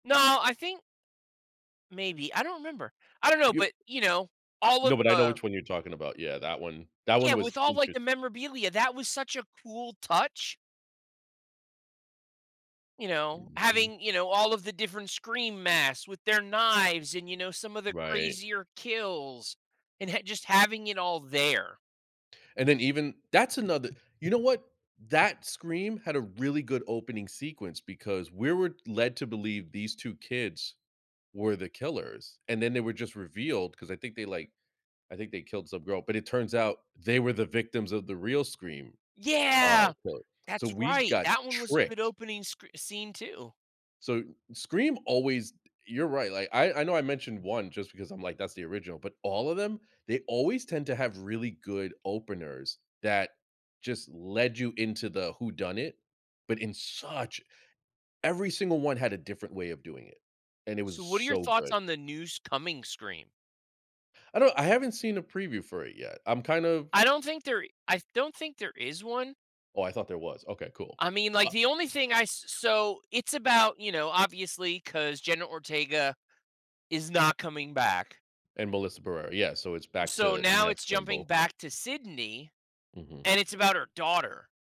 No, I think Maybe. I don't remember. I don't know, You but, you know, all of no, but I know the which one you're talking about. Yeah. That one that one Yeah, was with all, like, the interesting. memorabilia, that was such a cool touch. You know, Mhm. having, you know, all of the different Scream masks with their knives and, you know, some of the Right. crazier kills and ha just having it all there. And, then, even that's another you know what? That Scream had a really good opening sequence because we were led to believe these 2 kids were the killers, and, then, they were just revealed 'cause I think they, like I think they killed some girl, but it turns out they were the victims of the real Scream, uh, Yeah! so so That's we right. got That one was a good tricked. opening scr scene, too. So, Scream always you're right, like, I I know I mentioned 1 just because I'm like, "That's the original." But all of them, they always tend to have really good openers that just led you into the whodunit, but in such every single one had a different way of doing it, and it So, was what are your so thoughts good. on the new s coming Scream? I don't I haven't seen a preview for it yet. I'm kind of I don't think there I th don't think there is one. Oh, I thought there was. Okay. Cool, I mean, like, but the only thing I s so, it's about, you know, obviously, 'cause Jenna Ortega is not coming back. And Melissa Barrera. Yeah, so, it's back So, to now Neve it's jumping Campbell. back to Sydney, Mhm. and it's about her daughter.